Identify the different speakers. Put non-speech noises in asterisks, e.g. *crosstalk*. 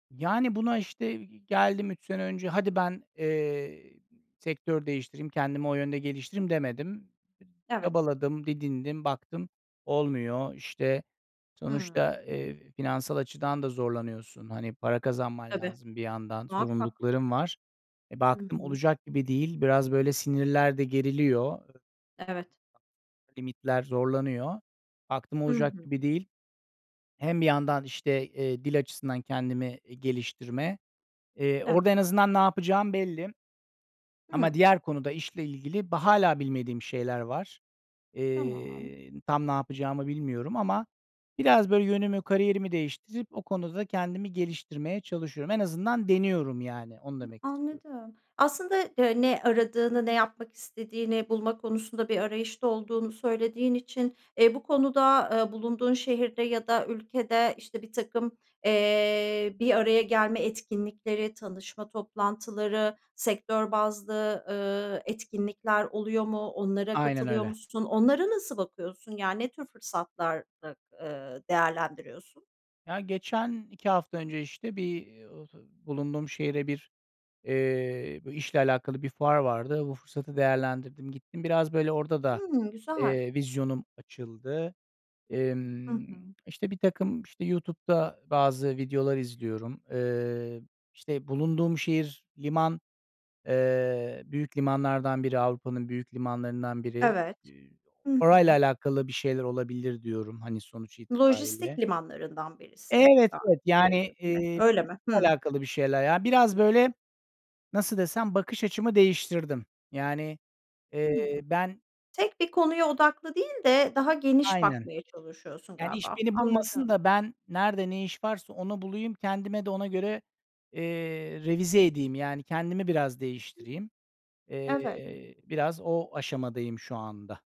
Speaker 1: Yani buna, işte geldim 3 sene önce hadi ben, eee, sektör değiştireyim kendimi o yönde geliştireyim demedim.
Speaker 2: Evet.
Speaker 1: Çabaladım, didindim, baktım olmuyor işte.
Speaker 2: Hımm.
Speaker 1: Sonuçta, eee, finansal açıdan da zorlanıyorsun. Hani, para kazanman
Speaker 2: Tabii,
Speaker 1: lazım bir yandan,
Speaker 2: muhakkak.
Speaker 1: zorunlulukların var. E,
Speaker 2: Hı
Speaker 1: baktım
Speaker 2: hı.
Speaker 1: olacak gibi değil, biraz böyle sinirler de geriliyor
Speaker 2: Evet.
Speaker 1: limitler zorlanıyor. Baktım
Speaker 2: Hı
Speaker 1: olacak
Speaker 2: hı.
Speaker 1: gibi değil. Hem bir yandan işte, eee, dil açısından kendimi, eee, geliştirme. Eee,
Speaker 2: Evet.
Speaker 1: orada en azından ne yapacağım belli. Ama
Speaker 2: Hımm.
Speaker 1: diğer konuda işle ilgili ba hâlâ bilmediğim şeyler var.
Speaker 2: Tamam.
Speaker 1: Eee, tam ne yapacağımı bilmiyorum ama biraz böyle yönümü kariyerimi değiştirip o konuda kendimi geliştirmeye çalışıyorum. En azından deniyorum yani, onu
Speaker 2: Hı,
Speaker 1: demek istiyorum.
Speaker 2: anladım. Aslında de ne aradığını, ne yapmak istediğini bulma konusunda bir arayışta olduğunu söylediğin için, eee, bu konuda, eee, bulunduğun şehirde ya da ülkede, işte, birtakım, eee, bir araya gelme etkinlikleri, tanışma toplantıları, sektör bazlı, eee, etkinlikler oluyor mu? Onlara
Speaker 1: Aynen
Speaker 2: katılıyor
Speaker 1: öyle.
Speaker 2: musun? Onlara nasıl bakıyorsun? Yani ne tür fırsatlarda, eee, değerlendiriyorsun?
Speaker 1: Ya geçen 2 hafta önce işte bir, eee, bulunduğum şehre bir, eee, b işle alakalı bir fuar vardı. Bu fırsatı değerlendirdim, gittim biraz böyle orada da,
Speaker 2: Hımm, güzel.
Speaker 1: eee, vizyonum açıldı.
Speaker 2: Hı
Speaker 1: Emm,
Speaker 2: hı.
Speaker 1: işte birtakım işte YouTube'da bazı videolar izliyorum. Eee, işte bulunduğum şehir liman, eee, büyük limanlardan biri, Avrupa'nın büyük limanlarından biri.
Speaker 2: Evet.
Speaker 1: Eee,
Speaker 2: Hı
Speaker 1: orayla
Speaker 2: hı.
Speaker 1: alakalı bir şeyler olabilir diyorum, hani sonuç
Speaker 2: Lojistik
Speaker 1: itibariyle.
Speaker 2: limanlarından birisi.
Speaker 1: Evet,
Speaker 2: Ga
Speaker 1: evet yani,
Speaker 2: *unintelligible*
Speaker 1: eee,
Speaker 2: öyle mi?
Speaker 1: *unintelligible*
Speaker 2: Hımm.
Speaker 1: alakalı bir şeyler ya. Biraz böyle nasıl desem, bakış açımı değiştirdim. Yani,
Speaker 2: Hımm.
Speaker 1: eee, ben
Speaker 2: Tek bir konuya odaklı değil de daha geniş
Speaker 1: Aynen.
Speaker 2: bakmaya çalışıyorsun
Speaker 1: Yani iş
Speaker 2: galiba.
Speaker 1: beni bulmasın
Speaker 2: Anladım.
Speaker 1: da, ben nerede ne iş varsa onu bulayım, kendime de ona göre, eee, revize edeyim. Yani kendimi biraz
Speaker 2: Hı.
Speaker 1: değiştireyim.
Speaker 2: Evet.
Speaker 1: Eee, biraz o aşamadayım şu anda.